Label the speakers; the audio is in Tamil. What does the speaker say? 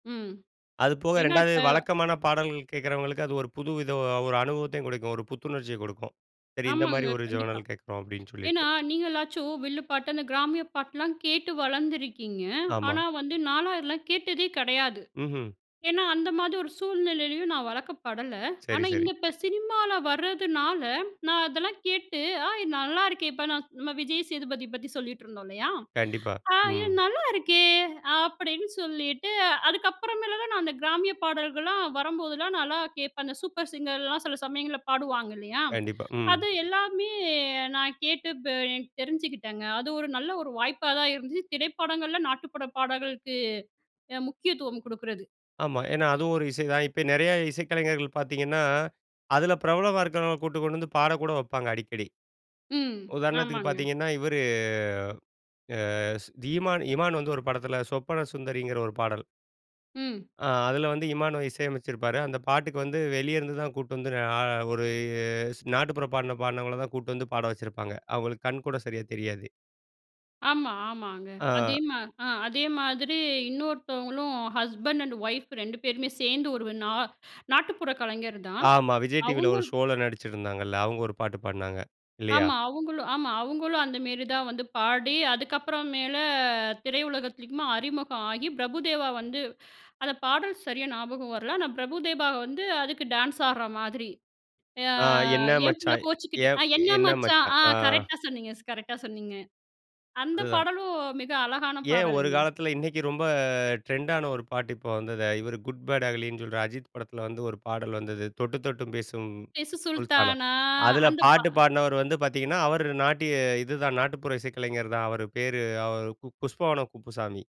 Speaker 1: ம்.
Speaker 2: அதுபோக
Speaker 1: என்ன
Speaker 2: 2வது
Speaker 1: இப்ப?
Speaker 2: வழக்கமான பாடல்கள் கேட்குறவங்களுக்கு, அது ஒரு புது வித அ ஒரு அனுபவத்தையும் கொடுக்கும், ஒரு புத்துணர்ச்சியை கொடுக்கும். சரி இந்த
Speaker 1: ஆமாங்க,
Speaker 2: மாதிரி ஒரு
Speaker 1: கண்டிப்பா.
Speaker 2: ஜர்னல் கேட்குறோம் அப்படின்னு சொல்லிட்டு.
Speaker 1: ஏன்னா நீங்களாச்சும் வில்லு பாட்டு அந்த கிராமிய பாட்டுலா கேட்டு வளர்ந்துருக்கீங்க.
Speaker 2: ஆமா.
Speaker 1: ஆனா வந்து நாலாம் இதெல்லாம் கேட்டதே கெடையாது.
Speaker 2: ம்ஹ்ம்.
Speaker 1: ஏன்னா அந்த மாரி ஒரு சூழ்நிலையிலேயும் நான் வளக்கப்படல.
Speaker 2: சரி,
Speaker 1: ஆனா இந்த
Speaker 2: சரி.
Speaker 1: இப்ப சினிமால வரதுனால நான் அதெல்லா கேட்டு, "ஆய் நல்லா இருக்கே", இப்ப நான் நம்ம விஜய் சேதுபதி பத்தி சொல்லிகிட்டு இருந்தோம் இல்லையா?
Speaker 2: கண்டிப்பா,
Speaker 1: ஆ, இது
Speaker 2: ம்.
Speaker 1: நல்லா இருக்கே அப்படின்னு சொல்லிட்டு அதுக்கப்புறமேல நான் அந்த கிராமிய பாடல்கள்லா வரும்போதெல்லா நான்லாம் கேட்பன். அந்த சூப்பர் சிங்கர்லலாம் சில சமயங்கள்ல பாடுவாங்க இல்லையா,
Speaker 2: கண்டிப்பா, ம்.
Speaker 1: அது எல்லாமே நான் கேட்டு இப்ப எனக்கு தெரிஞ்சுக்கிட்டேங்க. அது ஒரு நல்ல ஒரு வாய்ப்பா தான் இருந்துச்சு. திரைப்படங்கள்ல நாட்டுப்புறபாடல்களுக்கு அ முக்கியத்துவம் குடுக்கிறது.
Speaker 2: ஆமா, ஏன்னா அதுவும் ஒரு இசை தான் இப்ப நிறைய இசைக்கலைஞர்கள் பாத்தீங்கன்னா, அதுல பிரபலமா இருக்கறவங்கள கூட்டிட்டு கொண்டு வந்து பாட கூட வப்பாங்க அடிக்கடி.
Speaker 1: ம்.
Speaker 2: உதாரணத்திற்கு
Speaker 1: ஆமாங்க.
Speaker 2: பாத்தீங்கன்னா இவரு, அ திமான் இமான் வந்து ஒரு படத்தில சொப்பன சுந்தரிங்கிற ஒரு பாடல்.
Speaker 1: ம்.
Speaker 2: அ, அதில வந்து இமானுவ இசையமைச்சுருப்பாரு. அந்த பாட்டுக்கு வந்து வெளிய இருந்துதான் கூட்டிட்டு வந்து அ ஒரு நாட்டுப்புற பாடல பாடுனவங்கள தான் கூட்டு வந்து பாட வச்சிருப்பாங்க. அவுங்களுக்கு கண்கூட சரியா தெரியாது.
Speaker 1: ஆமா. ஆமாங்க அதே
Speaker 2: ஆ.
Speaker 1: மா அ அதே மாதிரி இன்னொருத்தவங்களும் ஹஸ்பண்ட் அண்ட் ஒயிஃப் 2 பேருமே சேர்ந்து ஒரு நா நாட்டுப்புற கலைஞர் தான்
Speaker 2: ஆமா, விஜய் டிவில
Speaker 1: அவுங்க
Speaker 2: ஒரு ஷோ ல நடிச்சிருந்தாங்கல்ல, அவுங்க ஒரு பாட்டு பாடுனாங்க, இல்லையா?
Speaker 1: ஆமா அவுங்களும், ஆமா அவுங்களும் அந்தமேரி தான் வந்து பாடி அதுக்கப்புறம் மேல திரையுலகத்திலுமா அறிமுகம் ஆகி பிரபுதேவா வந்து அந்த பாடல் சரியா ஞாபகம் வரல, ஆனா பிரபுதேபா வந்து அதுக்கு டான்ஸ் ஆடுற மாதிரி. ஆ
Speaker 2: ஆ என்ன
Speaker 1: என் பிள்ள
Speaker 2: மச்சான்
Speaker 1: கோச்சிக்கிட்டு, அ
Speaker 2: ஏப்
Speaker 1: என்ன
Speaker 2: என்ன
Speaker 1: மச்சான்.
Speaker 2: மச்சான்.
Speaker 1: ஆ!
Speaker 2: ஆ.
Speaker 1: கரெக்ட்டா சொன்னீங்க. கரெக்ட்டா சொன்னீங்க. அந்த
Speaker 2: அதுதான்.
Speaker 1: பாடலும் மிக அழகான
Speaker 2: ஏன், ஒரு
Speaker 1: பாடல்ங்க.
Speaker 2: காலத்தில இன்னைக்கு ரொம்ப ட்ரெண்டான ஒரு பாட்டு இப்போ வந்தது, இவரு குட் பாட் அகலின்னு சொல்ற அஜித் படத்தில வந்து ஒரு பாடல் வந்தது, தொட்டு தொட்டு பேசும்
Speaker 1: பேசு
Speaker 2: சுல்தானா.
Speaker 1: சுல்தானா
Speaker 2: அதில
Speaker 1: அந்த பா
Speaker 2: பாட்டு பாடுனவர் வந்து பாத்தீங்கன்னா, அவர் நாட்டிய இதுதான் நாட்டுப்புற இசைக்கலைஞர் தான் அவர் பேரு அவரு புஷ்பவனம் குப்புசாமி.